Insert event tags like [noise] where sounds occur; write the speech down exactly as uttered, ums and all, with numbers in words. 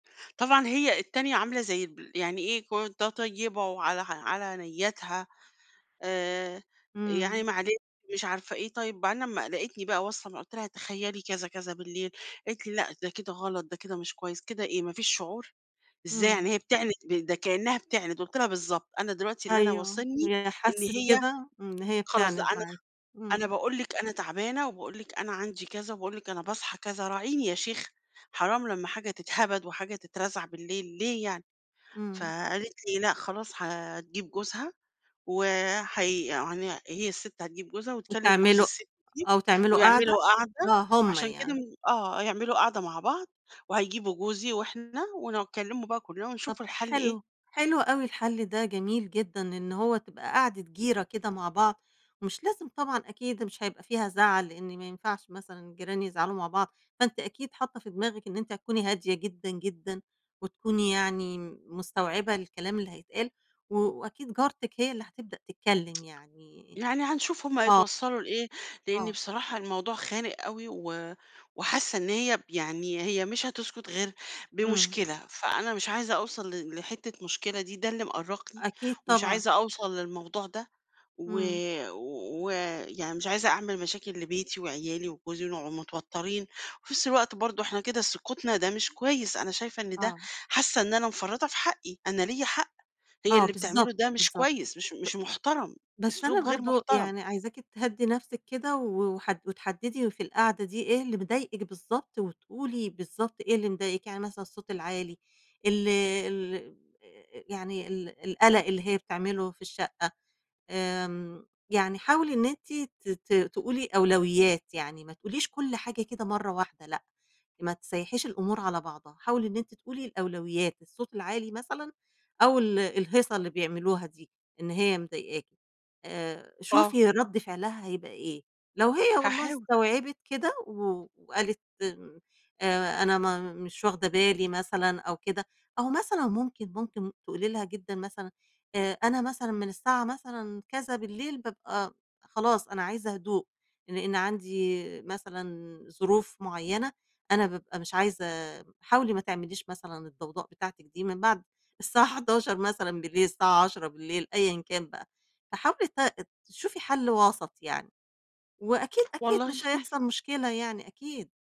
طبعًا هي التانية عاملة زي ب يعني إيه ك ده طيبة وعلى على نِيَّاتها، آآ يعني إمم. معلش مش عارفة إيه، طيب بعدين لمّا لقيتني بقى واصل قُلت لها تخيّلي كذا كذا بالليل، قالت لي: "لأ، ده كده غلط، ده كده مش كُويِّس، كده إيه ما فيش شُعُور، إزاي يعني إمم. هي بتعند ب ده كأنَّها بتعند"، قُلت لها: "بالضبط أنا دلوقتي اللي أنا أيوه، واصلني هي إن حسِّت هي كده إن هي خلاص ده بتعند أنا معاكِ. أنا إمم. باقول لِك أنا تعبانة وباقول لِك أنا عندي كذا، وباقول لِك أنا باصحى كذا، راعيني يا شيخة، حرام لمّا حاجة تتهبد وحاجة تترزع بالليل ليه يعني!"، إمم. فقالت لي لأ، خلاص هتجيب جوزها، و هي يعني هي السِّت هتجيب جوزها، وتكلم جوز وتِعملُوا السِّت دي، آه، وتِعملُوا قَعدة ويعملوا قعدة، آه، هُم عشان كده يعني. م آه، هيعملوا قعدة مع بعض، وهيجيبوا جوزي وإحنا، ونكلِّمُه بقى كُلّنا طَب ونشوف الحلّ إيه. حلو، حلو أوي الحَلّ ده جميل جدًا، إن هو تبقى قعدة جيرة كده مع بعض، مش لازم طبعًا أكيد، مش هيبقى فيها زَعَل لإن ما ينفعش مثلًا جيران يزعلوا مع بعض، فأنتِ أكيد حَاطَّة في دماغِك إن أنتِ هتكوني هادية جدًا، جدًا، وتكوني يعني مستوعبة الكلام اللي هيتقال، و وأكيد جارتِك هي اللي هتبدأ تِتكلَّم [tsk] يعني يعني هنشوف هُم آه. هيتوصَّلوا لإيه، لإني آه. بصراحة الموضوع خانق أوي، و وحاسَّة إن هي يعني هي مش هتسكُت غير إمم. بمُشكلة، فأنا مش عايزة أوصل ل لحِتَّة مُشكلة دي، ده اللي مأرّقني، أكيد ومش طبعًا. عايزة أوصل للموضوع ده، و إمم. و يعني مش عايزة أعمل مشاكل لبيتي وعيالي وجوزي، ونقعُد مِتوَتِّرين، وفي نفس الوقت برضو إحنا كده سُكُوتنا ده مش كويِّس، أنا شايفة إن ده آه. حاسة إن أنا مفرّطة في حَقِّي أنا ليَّ حَقّ، هي آه، اللي بتعملُه بالضبط، ده مش بالضبط. كويِّس، مش مش مُحترم، ب بس أنا أسلوب غير برضو مُحترم. يعني عايزاكِ تِهَدِّي نفسِك كده، و وحد وتحدِّدي في القعدة دي إيه اللي مضايقِك بالضبط، وتقولي بالضبط إيه اللي مضايقِك، يعني مثلًا الصَّوت العالي، ال ال يعني ال القلق اللي هي بتعمله في الشَّقَّة، آمم يعني حاولي إن أنتِ ت ت تقولي أولويَّات، يعني ما تقوليش كُلّ حاجة كده مَرَّة واحدة لأ، ما تسيَّحيش الأمور على بعضها، حاولي إن أنتِ تقولي الأولويَّات، الصَّوت العالي مثلًا، أو ال الهيصة اللي بيعملُوها دي إن هي مضايقاكِ، آآ آه. شوفي رَدّ فعلها هيبقى إيه، لو هي والله هاحاول. استوعبت كده، و وقالت م آآ أنا ما مش واخدة بالي مثلًا أو كده، أو مثلًا مُمكن، مُمكن تقولي لها جدًا مثلًا آآ أنا مثلًا من الساعة مثلًا كذا بالليل بابقى خلاص أنا عايزة هُدوء، لإن عندي مثلًا ظروف مُعيَّنة، أنا بابقى مش عايزة حاولي ما تعمليش مثلًا الضَّوضاء بتاعتِك دي من بعد السَّاعة حداشر مثلًا بالليل، السَّاعة عشرة بالليل أيًّا كان بقى، فحاولي ت تشُوفي حَلّ وسط يعني، وأكيد، أكيد والله مش [chuckles] هيحصل مُشكلة يعني أكيد.